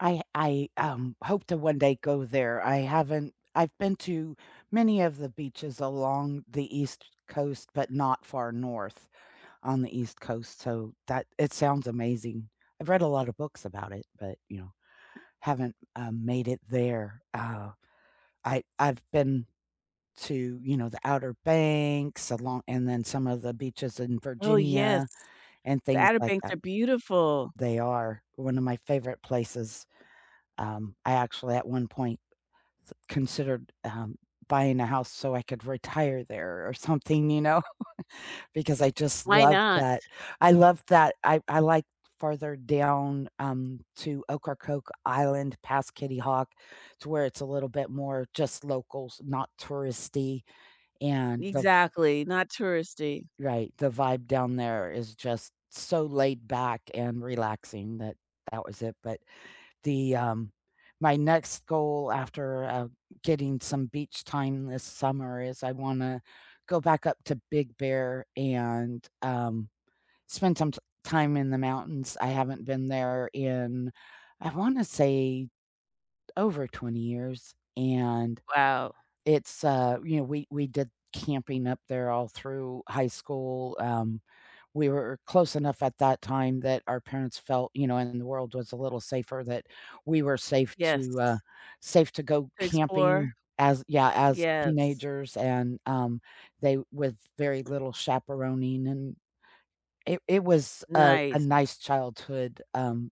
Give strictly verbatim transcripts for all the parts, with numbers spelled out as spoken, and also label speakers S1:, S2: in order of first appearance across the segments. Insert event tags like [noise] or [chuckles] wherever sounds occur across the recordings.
S1: I I, um, hope to one day go there, I haven't I've been to many of the beaches along the East Coast, but not far north on the East Coast, so that it sounds amazing. I've read a lotta books about it, but, you know, haven't, uh, made it there, uh, I I've been to, you know, the Outer Banks alon and then some of the beaches in
S2: Oh,
S1: Virginia
S2: yes.
S1: and
S2: The
S1: things
S2: Outer
S1: like
S2: Banks
S1: that.
S2: are beautiful.
S1: They are. One of my favorite places, um, I actually at one point, th considered, um, buying a house so I could retire there or something, you know, [chuckles] because I just
S2: Why
S1: love
S2: not?
S1: that I love that I I like further down, um, to Ocracoke Island past Kitty Hawk, to where it's a little bit more just locals, not touristy, and the v
S2: Exactly, not touristy.
S1: Right, the vibe down there is just so laid back and relaxing that, that was it, but, the, um my next goal after, uh, getting some beach time this summer is I wanna go back up to Big Bear and, um, spend some t time in the mountains, I haven't been there in I wanna say over twenty years and
S2: Wow.
S1: it's, uh you know, we we did camping up there all through high school, um, we were close enough at that time that our parents felt, you know, and the world was a little safer that we were safe to, uh,
S2: Yes.
S1: safe to go
S2: To explore?
S1: camping as Yeah, as
S2: Yes.
S1: teenagers and, um, they with very little chaperoning, and it it was a a
S2: Nice.
S1: nice childhood, um,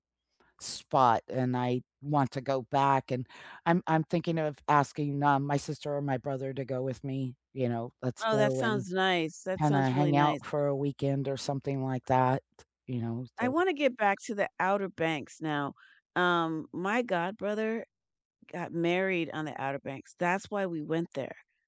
S1: spot and I want to go back and I'm I'm thinking of asking, um, my sister or my brother to go with me, you know, let's
S2: Oh, that
S1: go and
S2: sounds nice, that
S1: kinda
S2: sounds really
S1: hang
S2: nice.
S1: out for a weekend or something like that, you know,
S2: I
S1: so
S2: wanna get back to the Outer Banks now, um, my godbrother got married on the Outer Banks, that's why we went there.